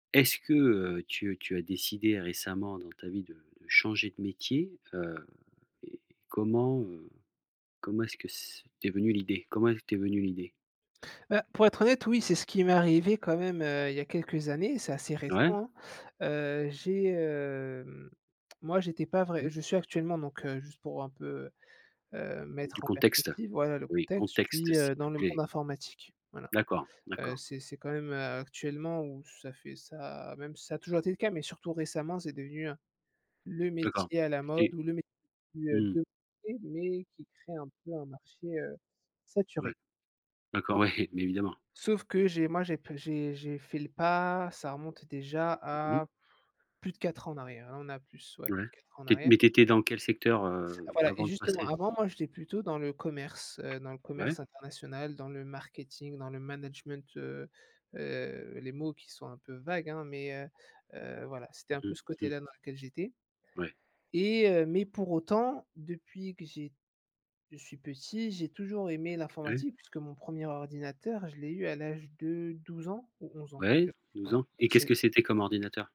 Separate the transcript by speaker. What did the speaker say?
Speaker 1: Est-ce que, heu, tu tu as décidé récemment dans ta vie de de changer de métier? Heu, et comment, heu, comment est-ce que c t'es venue l'idée? Comment elle t'es venue l'idée?
Speaker 2: Bah, pour être honnête, oui, c'est ce qui m'est arrivé quand même, heu, il y a quelques années, c'est assez récent,
Speaker 1: Ouais.
Speaker 2: hein. Heu, j'ai, hem, moi j'étais pas vrai
Speaker 1: Mmh.
Speaker 2: je suis actuellement donc heu, juste pour un peu, heu,
Speaker 1: Mmh du
Speaker 2: mettre en
Speaker 1: contexte,
Speaker 2: perspective, voilà le
Speaker 1: oui
Speaker 2: contexte, je
Speaker 1: contexte
Speaker 2: suis,
Speaker 1: s'il
Speaker 2: heu,
Speaker 1: te
Speaker 2: dans le
Speaker 1: plaît.
Speaker 2: monde informatique, voilà.
Speaker 1: D'accord,
Speaker 2: Heu,
Speaker 1: d'accord.
Speaker 2: c'est c'est quand même, heu, actuellement où ça fait ça même si ça a toujours été le cas, mais surtout récemment, c'est devenu, heu, le
Speaker 1: D'accord.
Speaker 2: métier à la
Speaker 1: Tu
Speaker 2: mode
Speaker 1: étais
Speaker 2: ou le métier de
Speaker 1: mmh mh.
Speaker 2: de, [unintelligible] mais qui crée un peu un marché, heu,
Speaker 1: Ouais.
Speaker 2: saturé.
Speaker 1: d'accord ouais. Mais évidemment.
Speaker 2: Sauf que j'ai moi j'ai p j'ai j'ai fait le pas, ça remonte déjà
Speaker 1: Mmh mh.
Speaker 2: à plus de 4 ans en arrière, hein, on a plus ouais, plus
Speaker 1: Ouais,
Speaker 2: de 4 ans en
Speaker 1: tu é
Speaker 2: arrière.
Speaker 1: mais tu étais dans quel secteur, heu,
Speaker 2: Voilà, et
Speaker 1: avant de
Speaker 2: justement,
Speaker 1: passer?
Speaker 2: avant, moi j'étais plutôt le commerce, heu, dans le
Speaker 1: Ouais.
Speaker 2: commerce international, dans le marketing, dans le management, heu heu, les mots qui sont un peu vagues, hein, mais heu heu, voilà c'était
Speaker 1: Mmh
Speaker 2: un peu
Speaker 1: mh.
Speaker 2: ce
Speaker 1: Mh.
Speaker 2: côté-là dans lequel j'étais
Speaker 1: Ouais.
Speaker 2: et heu mais pour autant, depuis que j'ai je suis petit, j'ai toujours aimé
Speaker 1: Ouais.
Speaker 2: l'informatique, puisque mon 1er ordinateur, je l'ai eu à l'âge de 12 ans ou 11 ans. Je
Speaker 1: Ouais, 12
Speaker 2: voilà,
Speaker 1: ans et qu'est-ce
Speaker 2: c'est
Speaker 1: que c'était comme ordinateur?